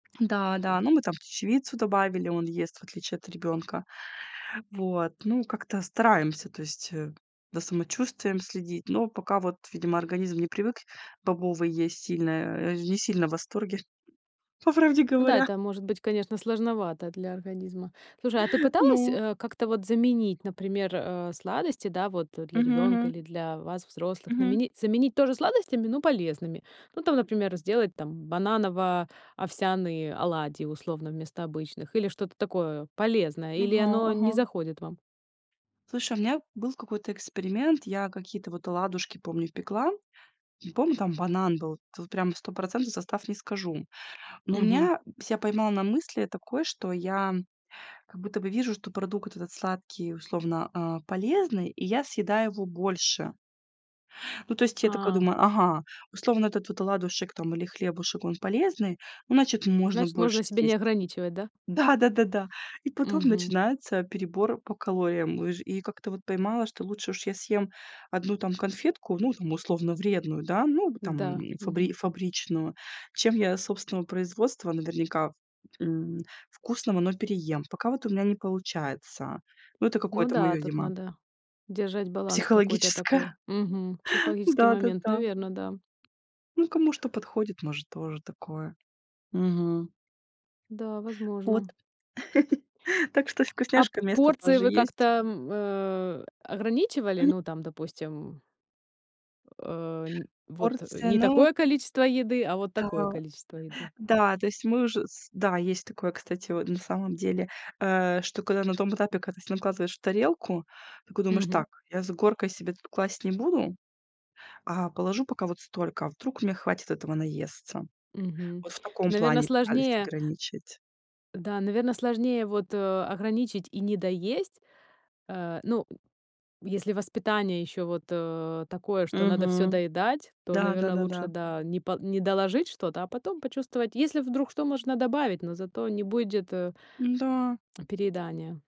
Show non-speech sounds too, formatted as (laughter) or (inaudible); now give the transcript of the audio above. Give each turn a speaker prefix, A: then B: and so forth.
A: Да-да, ну, мы там чечевицу добавили, он ест, в отличие от ребёнка. Вот, ну, как-то стараемся, то есть, э, за самочувствием следить, но пока вот, видимо, организм не привык бобовые есть сильно, э, не сильно в восторге, по правде
B: Ну да,
A: говоря.
B: это может быть, конечно, сложновато для организма. Слушай, а ты пыталась,
A: Ну.
B: э, как-то вот заменить, например, а, сладости, да, вот, а, для
A: Мгм,
B: ребёнка
A: мгм.
B: или для вас, взрослых,
A: Мгм.
B: наменить заменить тоже сладостями, но полезными? Ну, там, например, сделать там бананово-овсяные оладьи, условно, вместо обычных, или что-то такое полезное, или
A: Ага,
B: оно не
A: ага.
B: заходит вам?
A: Слушай, у меня был какой-то эксперимент. Я какие-то вот оладушки, помню, пекла, помню, там банан был, вот прям стопроцентный состав не скажу. Но
B: Мгм.
A: меня ся поймала на мысли такой, что я как будто бы вижу, что продукт этот сладкий, условно, э, полезный, и я съедаю его больше. Ну, то есть я такая
B: А.
A: думаю: "Ага, условно, этот вот оладушек там или хлебушек, он полезный, ну, значит, можно
B: Значит, можно
A: больше
B: себя не
A: съесть".
B: ограничивать, да?
A: Да-да-да, да. И потом
B: Мгм.
A: начинается перебор по калориям. Уж и как-то вот поймала, что лучше уж я съем 1 там конфетку, ну, там, условно вредную, да, ну, там,
B: Да.
A: фабри
B: Мгм.
A: фабричную, чем я собственного производства, наверняка, м, вкусного, но переем. Пока вот у меня не получается. Ну, это
B: Ну
A: какое-то мое,
B: да, тут
A: видимо
B: надо держать баланс какой-то
A: психологическое.
B: такой. Мгм. Психологический момент,
A: Да-да-да.
B: наверно, да.
A: Ну, кому что подходит, может, тоже такое. Мгм.
B: Да,
A: Вот,
B: возможно.
A: (chuckles) так что
B: А п
A: вкусняшкам место
B: порции
A: тоже
B: вы как-то,
A: есть.
B: м, э, ограничивали?
A: М.
B: Ну, там, допустим Э, не вот
A: Порции,
B: не
A: ну
B: такое количество еды, а вот такое
A: Да,
B: количество еды.
A: да, то есть мы уже с да, есть такое, кстати, вот на самом деле, э, что когда на том этапе, когда ты накладываешь в тарелку, такой думаешь:
B: Мгм.
A: "Так, я с горкой себе тут класть не буду, а положу пока вот столько, вдруг мне хватит этого наесться".
B: Мгм.
A: Вот в таком
B: Наверно,
A: плане пытались
B: сложнее
A: ограничить.
B: Да, наверно, сложнее вот, а, ограничить и недоесть. Э, ну, если воспитание ещё вот, э, такое, что надо всё
A: Мгм.
B: доедать, то,
A: Да, да,
B: наверно,
A: да, да.
B: лучше, да, не по не доложить что-то, а потом почувствовать, если вдруг что, можно добавить, но зато не будет, э
A: Н-да.
B: переедания.